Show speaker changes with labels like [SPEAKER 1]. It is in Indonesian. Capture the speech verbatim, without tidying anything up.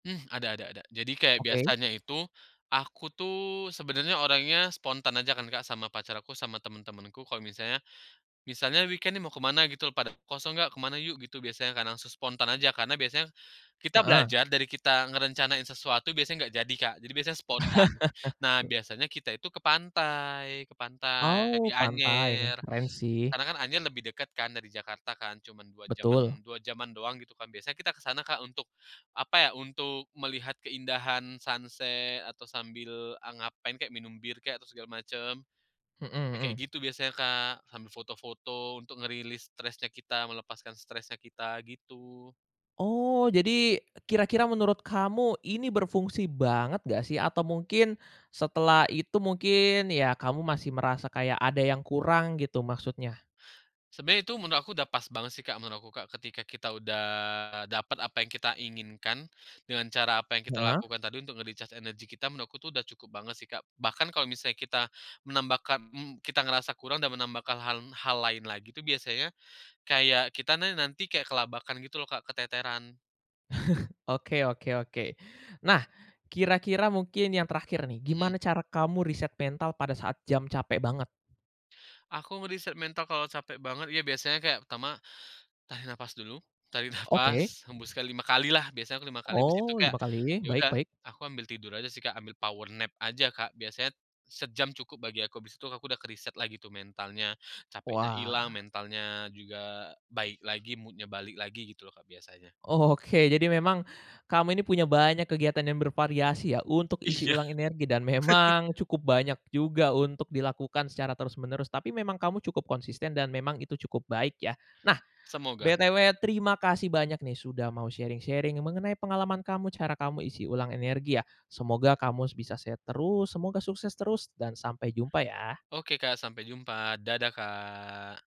[SPEAKER 1] Ada ada ada. Jadi, kayak
[SPEAKER 2] Oke.
[SPEAKER 1] biasanya itu, aku tuh, sebenarnya orangnya spontan aja kan Kak, sama pacar aku, sama teman-temanku kalau misalnya misalnya weekend nih mau kemana, gitu loh, pada, "Kosong nggak? Kemana yuk." gitu biasanya kan. Langsung spontan aja, karena biasanya kita
[SPEAKER 2] Heeh.
[SPEAKER 1] belajar, dari kita ngerencanain sesuatu biasanya nggak jadi, Kak. Jadi biasanya spontan. Nah, biasanya kita itu ke pantai ke pantai, di
[SPEAKER 2] Oh, pantai, wah
[SPEAKER 1] Anyer.
[SPEAKER 2] keren, sih.
[SPEAKER 1] Karena kan Anyer lebih dekat kan, dari Jakarta kan, cuman dua
[SPEAKER 2] Betul.
[SPEAKER 1] jam-an dua jam-an doang, gitu kan. Biasanya kita ke sana Kak, untuk apa ya, untuk melihat keindahan sunset, atau sambil a ngapain kek, minum bir kek, atau segala macam.
[SPEAKER 2] Mhm
[SPEAKER 1] Ya kayak
[SPEAKER 2] mhm.
[SPEAKER 1] gitu biasanya, Kak. Sambil foto-foto, untuk ngerilis stresnya kita, melepaskan stresnya kita, gitu.
[SPEAKER 2] Oh, jadi, kira-kira menurut kamu, ini berfungsi banget nggak, sih? Atau mungkin, setelah itu mungkin, ya kamu masih merasa kayak ada yang kurang gitu maksudnya?
[SPEAKER 1] Sebenarnya itu menurut aku udah pas banget sih, Kak, menurut aku, Kak. Ketika kita udah dapat apa yang kita inginkan, dengan cara apa yang kita
[SPEAKER 2] Heeh.
[SPEAKER 1] lakukan tadi, untuk nge-recharge energi kita, menurutku itu udah cukup banget sih, Kak. Bahkan kalau misalnya kita, menambahkan mmm, kita ngerasa kurang dan menambahkan halm hal lain lagi tuh biasanya, kayak kita ne nanti kayak kelabakan gitu loh, Kak, keteteran.
[SPEAKER 2] Oke oke oke. Nah, kira-kira mungkin yang terakhir nih,
[SPEAKER 1] Mhm.
[SPEAKER 2] gimana cara kamu reset mental pada saat jam capek banget?
[SPEAKER 1] Aku ngereset mental kalau capek banget, ya biasanya kayak pertama, tarik nafas dulu, tarik
[SPEAKER 2] Oke.
[SPEAKER 1] nafas, hembuskan lima kali lah, biasanya aku lima kali, habis itu
[SPEAKER 2] Oh,
[SPEAKER 1] kayak,
[SPEAKER 2] lima kali,
[SPEAKER 1] ya
[SPEAKER 2] baik
[SPEAKER 1] udah,
[SPEAKER 2] baik.
[SPEAKER 1] aku ambil tidur aja sih, Kak, ambil power nap aja, Kak. Biasanya, sejam cukup bagi aku, habis itu aku udah kereset lagi tuh mentalnya, capeknya hilang,
[SPEAKER 2] Wah.
[SPEAKER 1] mentalnya juga baik lagi, mood-nya balik lagi, gitu loh Kak, biasanya.
[SPEAKER 2] Oke, jadi memang, kamu ini punya banyak kegiatan yang bervariasi ya, untuk isi
[SPEAKER 1] Iya.
[SPEAKER 2] ulang energi, dan memang, cukup banyak juga untuk dilakukan secara terus-menerus. Tapi memang kamu cukup konsisten, dan memang itu cukup baik, ya. Nah,
[SPEAKER 1] Semoga.
[SPEAKER 2] btw, terimakasih banyak nih, sudah mau sharing-sharing mengenai pengalaman kamu, cara kamu isi ulang energi, ya. Semoga kamus bisa sehat terus, semoga sukses terus, dan sampai jumpa, ya.
[SPEAKER 1] Oke, Kak, sampai jumpa. Dadah, Kak.